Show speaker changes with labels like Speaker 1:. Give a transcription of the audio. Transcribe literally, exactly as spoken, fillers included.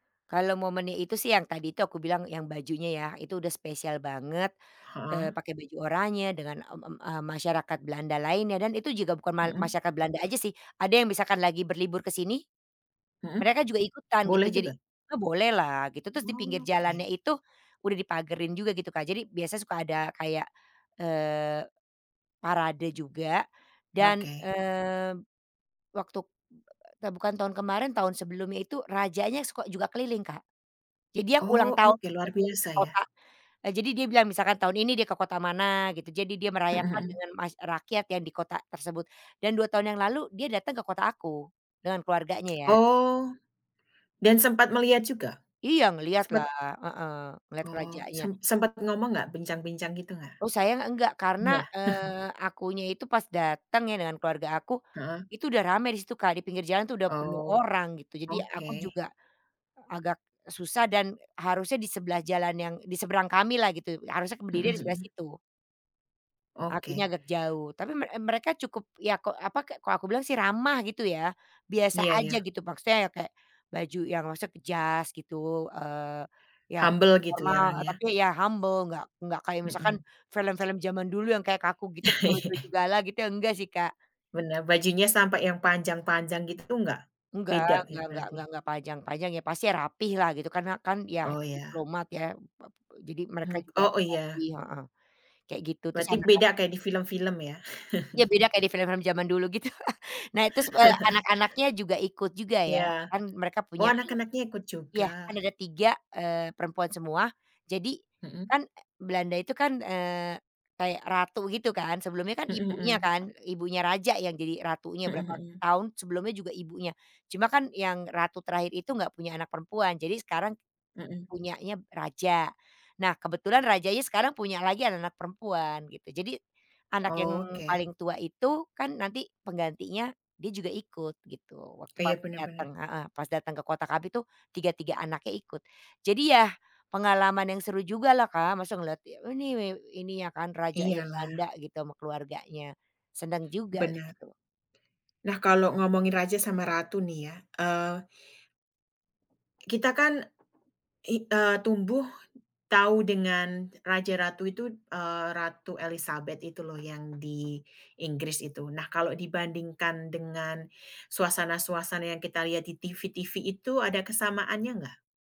Speaker 1: Kalau momennya itu sih yang tadi itu aku bilang, yang bajunya ya, itu udah spesial banget,
Speaker 2: Heeh.
Speaker 1: eee, pakai baju oranye dengan, m m eee, masyarakat Belanda lainnya dan itu juga bukan mal
Speaker 2: Mhm.
Speaker 1: masyarakat Belanda aja sih. Ada yang misalkan lagi berlibur ke sini
Speaker 2: Mhm.
Speaker 1: mereka juga ikutan gitu
Speaker 2: Boleh
Speaker 1: jadi
Speaker 2: juga?
Speaker 1: oh, bolehlah gitu. Terus di pinggir
Speaker 2: Oke.
Speaker 1: jalannya itu udah dipagarin juga gitu, Kak. Jadi biasa suka ada kayak, eee, parade juga dan,
Speaker 2: Oke.
Speaker 1: mmm, waktu, eee, ta bukan tahun kemarin, tahun sebelumnya itu rajanya suko juga keliling, Kak. Jadi yang ulang
Speaker 2: Oh,
Speaker 1: tahun
Speaker 2: oke luar
Speaker 1: keliling ke
Speaker 2: biasa ya.
Speaker 1: kota, eee, jadi dia bilang misalkan tahun ini dia ke kota mana gitu, jadi dia
Speaker 2: Mhm
Speaker 1: merayakan
Speaker 2: mhm.
Speaker 1: dengan mass eee, rakyat ya di kota tersebut dan dua tahun yang lalu dia datang ke kota aku dengan keluarganya ya.
Speaker 2: Oh, dan sempat melihat juga?
Speaker 1: Iya ngelihatlah,
Speaker 2: Sempet
Speaker 1: heeh, ngelihat ke
Speaker 2: Oh, sem
Speaker 1: rajanya.
Speaker 2: sempat ngomong enggak? Bincang-bincang gitu enggak?
Speaker 1: Oh, saya enggak karena,
Speaker 2: Enggak.
Speaker 1: eee, akunya itu pas datang ya dengan keluarga aku,
Speaker 2: Heeh.
Speaker 1: itu udah rame di situ, Kak, di pinggir jalan tuh udah penuh
Speaker 2: Oh,
Speaker 1: orang gitu, jadi aku
Speaker 2: oke.
Speaker 1: juga, agak susah dan harusnya di sebelah jalan yang di seberang kamilah gitu, harusnya ke
Speaker 2: Mhm
Speaker 1: berdirinya di sebelah
Speaker 2: mhm.
Speaker 1: situ. Akunya
Speaker 2: Oke.
Speaker 1: agak jauh, tapi me eee, mereka cukup ya ko apa, kayak kalau aku bilang sih ramah gitu ya, biasa
Speaker 2: Iya
Speaker 1: aja
Speaker 2: iya.
Speaker 1: gitu, maksudnya ya kayak baju yang maksudnya ke jas gitu, eee, iya
Speaker 2: Humble gitu ya
Speaker 1: normal,
Speaker 2: orangnya?
Speaker 1: tapi iya humble enggak enggak kayak misalkan
Speaker 2: Mhm.
Speaker 1: film-film zaman dulu yang kayak kaku gitu, pake
Speaker 2: Iya.
Speaker 1: baju gala gitu iya enggak sih, Kak.
Speaker 2: Benar. Bajunya sampai yang panjang-panjang gitu tuh enggak?
Speaker 1: Enggak
Speaker 2: Beda ya
Speaker 1: enggak enggak
Speaker 2: berarti?
Speaker 1: enggak enggak panjang-panjang, iya pasti rapilah gitu karena kan ya
Speaker 2: Oh, iya.
Speaker 1: diplomat ya, mmm, apa, eee, jadi mereka
Speaker 2: Hmm,
Speaker 1: juga
Speaker 2: oh oh
Speaker 1: rapih
Speaker 2: iya.
Speaker 1: heeh, kayak gitu, terus
Speaker 2: Berarti
Speaker 1: anak-anak
Speaker 2: beda kayak di film-film ya?
Speaker 1: Iya beda kayak di film-film zaman dulu gitu. Nah terus, eee, anak-anaknya juga ikut juga
Speaker 2: Iya.
Speaker 1: ya. Kan mereka
Speaker 2: Oh,
Speaker 1: punya anak
Speaker 2: anak-anaknya ikut juga.
Speaker 1: iya, kan ada tiga, eee, perempuan semua. Jadi
Speaker 2: Mhm.
Speaker 1: kan, eee, Belanda itu kan, eee, kayak ratu begitu kan, sebelumnya kan
Speaker 2: Mhm
Speaker 1: ibunya
Speaker 2: mhm.
Speaker 1: kan, ibunya raja yang jadi ratunya
Speaker 2: Mhm
Speaker 1: berapa
Speaker 2: mhm.
Speaker 1: tahun, sebelumnya juga ibunya. Cuma kan yang ratu terakhir itu enggak punya anak perempuan, jadi sekarang
Speaker 2: Mhm.
Speaker 1: punyanya raja. Nah kebetulan rajanya sekarang punya lagi anak-anak perempuan gitu. Jadi anak yang
Speaker 2: Oke.
Speaker 1: paling tua itu kan nanti penggantinya, dia juga ikut gitu waktu
Speaker 2: Eh,
Speaker 1: pas
Speaker 2: iya benar
Speaker 1: datang
Speaker 2: benar.
Speaker 1: heeh, pas datang ke kota kami tuh tiga tiga anaknya ikut. Jadi yah pengalaman yang seru jugalah, Kak, masa ngelihat, oh ini wew ininya kan rajanya Belanda
Speaker 2: Iyalah.
Speaker 1: gitu ama keluarganya. Senang juga
Speaker 2: Benar.
Speaker 1: gitu.
Speaker 2: Nah kalau ngomongin raja sama ratu nih ya, eee kita kan i eee, tumbuh tahu dengan raja ratu itu, eee, Ratu Elizabeth itu loh yang di Inggris itu. Nah kalau dibandingkan dengan suasana-suasana yang kita lihat di TV-TV itu ada kesamaannya enggak?